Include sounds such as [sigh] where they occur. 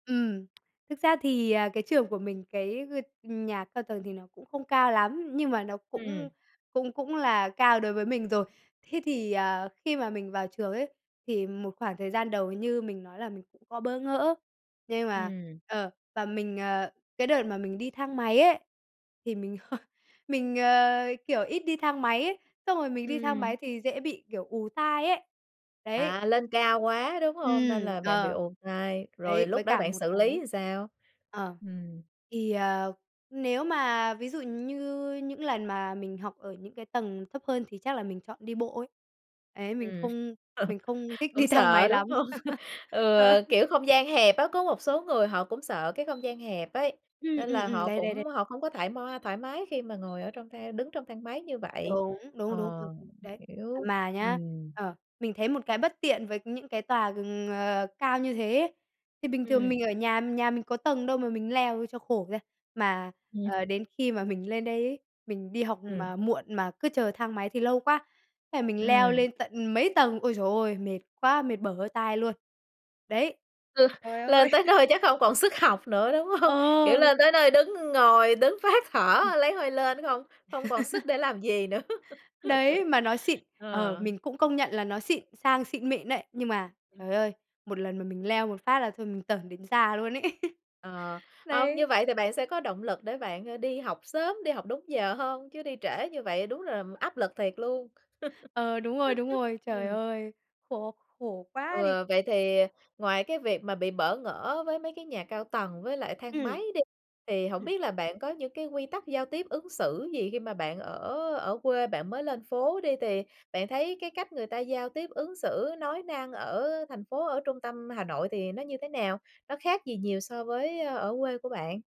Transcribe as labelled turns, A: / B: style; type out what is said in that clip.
A: Ừm. Thực ra thì, à, cái trường của mình, cái g nhà cao tầng thì nó cũng không cao lắm, nhưng mà nó cũng
B: Ừm.
A: cũng cũng là cao đối với mình rồi. Thế thì, à, khi mà mình vào trường ấy thì một khoảng thời gian đầu như mình nói là mình cũng có bỡ ngỡ, nhưng mà,
B: Ừm.
A: ờ, và mình à, cái đợt mà mình đi thang máy ấy thì mình [chuckles] mình, ờ, kiểu, ít đi thang máy ấy, xong rồi mình đi thang
B: Ừm.
A: máy thì dễ bị, kiểu, ù tai ấy. Đấy.
B: À, lên cao quá, đúng hông? Nên
A: Ừm,
B: là bạn bị
A: ờ.
B: ù tai, rồi
A: Đấy,
B: lúc
A: với
B: đó
A: cả
B: bạn
A: một
B: xử lý
A: cái
B: làm sao?
A: ờ,
B: Ừm.
A: thì, ờ, nếu mà ví dụ như những lần mà mình học ở những cái tầng thấp hơn thì chắc là mình chọn đi bộ ấy. Ấy, mình
B: Ừm.
A: không
B: [laughs]
A: mình không thích
B: Cũng
A: đi thang máy
B: sợ, đúng
A: lắm.
B: hông?
A: [laughs] Ờ.
B: Ừ, kiểu, không gian hẹp á, có một số người họ cũng sợ cái không gian hẹp ấy,
A: Ừm,
B: nên
A: ừm,
B: là
A: ừm,
B: họ
A: đấy, đấy, đấy.
B: cũng họ không có thoải ma thoải mái khi mà ngồi ở trong thang đứng trong thang máy như vậy.
A: Đúng, đúng,
B: Ờ,
A: đúng, ừm, ừm, đấy. À,
B: hiểu,
A: mà nhá,
B: ừm.
A: ờ, mình thấy một cái bất tiện với những cái tòa g ờ, cao như thế ấy. Thì bình thường
B: Ừm.
A: mình ở nhà, nhà mình có tầng đâu mà mình leo cho khổ ra, mà,
B: Ừm.
A: ờ, đến khi mà mình lên đấy ấy, mình đi học
B: Ừm.
A: mà muộn mà cứ chờ thang máy thì lâu quá, thế là mình leo
B: Ừm.
A: lên tận mấy tầng, ôi giời ôi, mệt quá, mệt bở hơi tai luôn. Đấy,
B: Ừ,
A: trời ơi.
B: lên tới
A: [laughs]
B: nơi chắc không còn sức học nữa, đúng hông? Kiểu,
A: Ờ.
B: lên tới nơi đứng ng ngồi, đứng phá thở
A: Ừ.
B: lấy hơi lên nó không không còn sức
A: [laughs]
B: để làm gì nữa.
A: Đấy, mà nó xịn,
B: [laughs]
A: ờ,
B: Ờ.
A: mình cũng công nhận là nó xịn, sang xịn mịn đấy. Nhưng mà
B: Ừm.
A: trời ơi, một lần mà mình leo một phát là thôi mình tởn đến già luôn ấy. [laughs]
B: Ờ, ờ, như
A: Đấy.
B: vậy thì bạn sẽ có động lực để bạn, ờ, đi học sớm, đi học đúng giờ hơn chứ đi trễ như vậy đúng là áp lực thiệt luôn.
A: Ờ, đúng rồi, đúng
B: [laughs]
A: rồi, trời
B: Ừm.
A: ơi, khổ khổ quá đi.
B: Ừ, vậy thì ngoài cái việc mà bị bỡ ngỡ với mấy cái nhà cao tầng với lại thang máy
A: Ừm.
B: đi, thì hổng
A: Ừm.
B: biết là bạn có những cái quy tắc giao tiếp ứng xử gì khi mà bạn ở ở quê bạn mới lên phố đi, thì bạn thấy cái cách người ta giao tiếp, ứng xử, nói năng ở thành phố, ở trung tâm Hà Nội thì nó như thế nào? Nó khác gì nhiều so với ở quê của bạn?